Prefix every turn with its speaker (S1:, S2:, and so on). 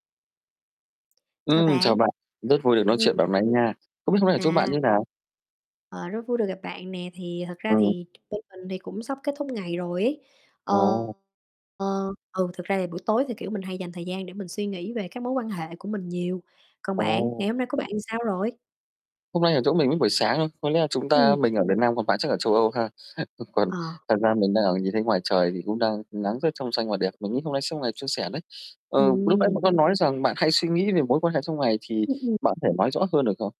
S1: Chào
S2: Ừm, chào
S1: bạn.
S2: bạn, rất vui được nói chuyện
S1: Ừm.
S2: bạn mấy nha. Không biết hôm nay ở chỗ bạn
S1: À.
S2: như nào?
S1: Ờ, rất vui được gặp bạn nè, thì thật ra
S2: Ừm.
S1: thì bên mình thì cũng sắp kết thúc ngày rồi ấy. Ờ,
S2: Ồ.
S1: ờ, ừ, thực ra thì buổi tối thì, kiểu, mình hay dành thời gian để mình suy nghĩ về các mối quan hệ của mình nhiều. Còn bạn,
S2: Ồ.
S1: ngày hôm nay có bạn ra sao rồi?
S2: Hôm nay ở chỗ mình lúc buổi sáng thôi, có lẽ là chúng ta
S1: Ừm.
S2: mình ở Việt Nam còn bạn chắc ở châu Âu ha? Còn
S1: Ờ.
S2: thật ra mình đang ở nhìn thấy ngoài trời thì cũng đang nắng rất trong xanh và đẹp, mình nghĩ hôm nay sẽ một ngày suôn sẻ đấy. Ờ, lúc nãy bạn
S1: Ừm.
S2: có nói rằng bạn hay suy nghĩ về mối quan hệ trong ngày, thì
S1: [unintelligible]
S2: bạn có thể nói rõ hơn được không?